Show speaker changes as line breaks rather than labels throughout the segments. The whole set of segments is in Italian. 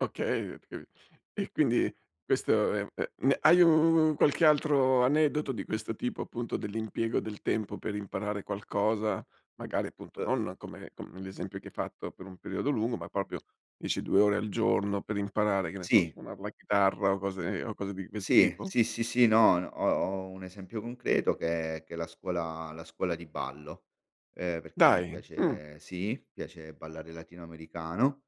Okay [unintelligible] e quindi questo è è hai un qualche altro aneddoto di questo tipo appunto dell'impiego del tempo per imparare qualcosa, magari appunto non come come l'esempio che hai fatto per un periodo lungo, ma proprio dici 2 ore al giorno per imparare che ne so a
Sì.
suonar la chitarra o cose o cose di questo
Sì.
tipo?
Sì, sì, sì, no ho ho un esempio concreto che è che è la scuola la scuola di ballo, ehm, perché mi
Dai, mh.
piace sì, piace ballare latino americano,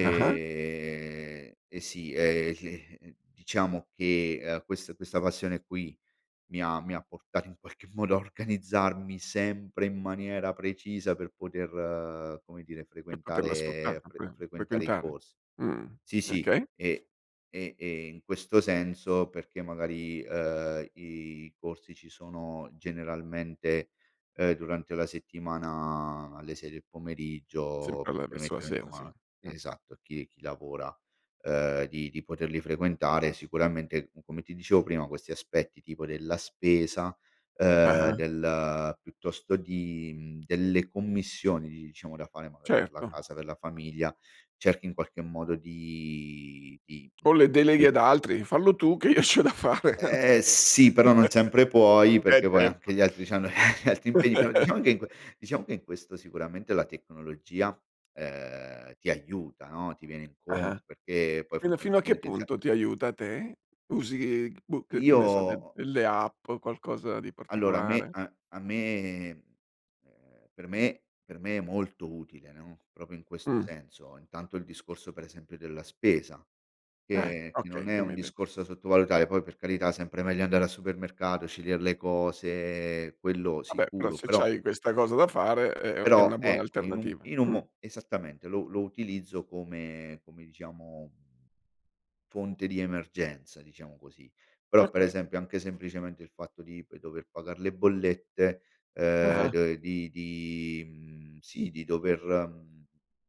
Ah-ah.
e sì, ehm diciamo che, ehm, questa questa passione qui mi ha mi ha portato in qualche modo a organizzarmi sempre in maniera precisa per poter come dire
Per poterla sfruttare
frequentare fre
[unintelligible]
frequentare i
frequentare.
corsi.
Mh,
Sì, sì,
okay.
e e e in questo senso perché magari, ehm, i corsi ci sono generalmente, uhm, durante la settimana alle 6 del pomeriggio,
Sempre
per
alla verso la
permettere
sera, sì,
insomma
mh.
esatto a chi chi lavora, uhm di di poterli frequentare sicuramente come ti dicevo prima questi aspetti tipo della spesa, ehm
Ah-ah.
del piuttosto di mhmm, delle commissioni diciamo da fare magari per la
Certo.
casa, per la famiglia, cerchi in qualche modo di di
Con le deleghe
[unintelligible]
ad altri: "Fallo tu che i c'ho da fare".
Eh sì, però non sempre puoi,
Eh
perché poi anche
certo.
gli altri c'hanno gli altri impegni, però diciamo che in que diciamo che in questo sicuramente la tecnologia ehm ti aiuta, no, ti viene
Ah-ah.
incontro, perché poi
Fin fino a che
fondamentalmente già
punto ti aiuta te? Usi, boh, che ne so de
Io
delle app, o qualcosa di
Allora a me
particolare?
an a me ehm, per me per me è molto utile no, proprio in questo
Mh.
senso intanto il discorso per esempio della spesa
Eh,
che che non
okay,
è
che
un
m'hai de
discorso da sottovalutare, poi per carità sempre meglio andare al supermercato, scegliere le cose, quello
Vabbè, però
sicuro,
se
però
c'hai questa cosa da fare è è è
però
una buona
ecco in un
alternativa,
in un
mh.
mo esattamente lo lo utilizzo come come diciamo fonte di emergenza, diciamo così. Però per
Okay.
esempio anche semplicemente il fatto di poi dover pagar le bollette ehm
Ah-ah.
d di di mhmm, sì di dover, mhmm